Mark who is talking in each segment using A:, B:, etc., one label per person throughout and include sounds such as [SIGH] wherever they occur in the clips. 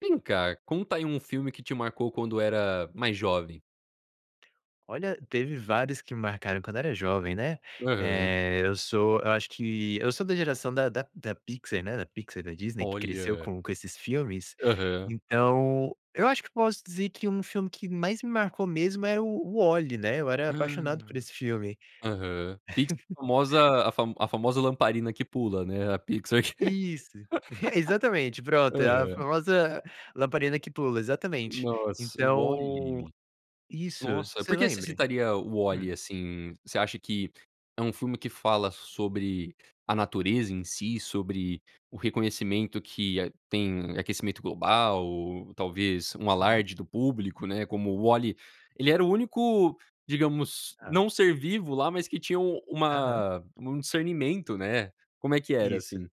A: Vem cá, conta aí um filme que te marcou quando era mais jovem.
B: Olha, teve vários que me marcaram quando eu era jovem, né.
A: Aham.
B: Eh, eu sou eu acho que eu sou da geração da da da Pixar, né, da Pixar, da Disney, que cresceu
A: Olha.
B: com com esses filmes.
A: Aham.
B: Então eu acho que posso dizer que um filme que mais me marcou mesmo é o o WALL-E, né, eu era
A: Ah.
B: apaixonado por esse filme.
A: Aham. Pix
B: [CHUCKLES]
A: famosa a fa a famosa lamparina que pula, né, a Pixar que
B: Isso, [CHUCKLES] exatamente,
A: [LAUGHS]
B: pronto, é a
A: aham.
B: famosa lamparina que pula, exatamente.
A: Nossa,
B: Então
A: WALL-E?
B: isso,
A: Nossa,
B: você
A: porque você
B: lembra?
A: citaria o
B: Hum.
A: WALL-E, assim? Você acha que é um filme que fala sobre a natureza em si, sobre o reconhecimento que a tem aquecimento global, talvez um
B: Uhum.
A: alarde do público, né, como o WALL-E ele era o único, digamos,
B: Tá.
A: não-ser-vivo lá, mas que tinha um
B: Aham.
A: uma um discernimento, né. Como é que era,
B: Isso.
A: assim?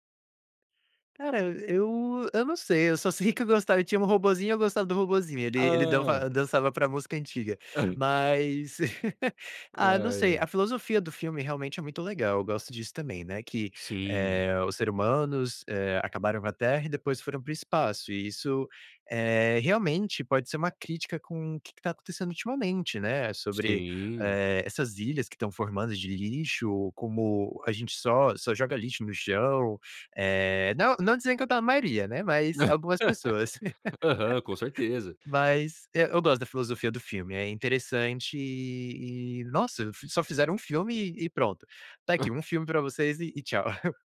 B: Cara, eu eu não sei, eu só sei que eu gosta tinha um robozinho, eu gostava do robozinho, ele ele
A: Hã.
B: danfa dançava pra música antiga,
A: Aham.
B: mas [LAUGHS]
A: Ai,
B: ah, não sei, a
A: ai.
B: filosofia do filme realmente é muito legal, eu gosto disso também, né, que,
A: Sim.
B: eh, o ser humanos, eh, acabaram com a terra e depois foram para o espaço e isso, eh, realmente pode ser uma crítica com o que que tá acontecendo ultimamente, né, sobre,
A: Sim.
B: eh, essas ilhas que estão formando de lixo, ou como a gente só só joga lixo no chão, eh, não não dizendo que eu tá a maioria, né, mas algumas
A: [LAUGHS]
B: pessoas. [LAUGHS]
A: Aham, com certeza.
B: Mas e eu gosto da filosofia do filme, é interessante e e nossa, f só fizeram um filme e pronto: "Tá aqui, um filme pra vocês e e tchau". [CHUCKLES]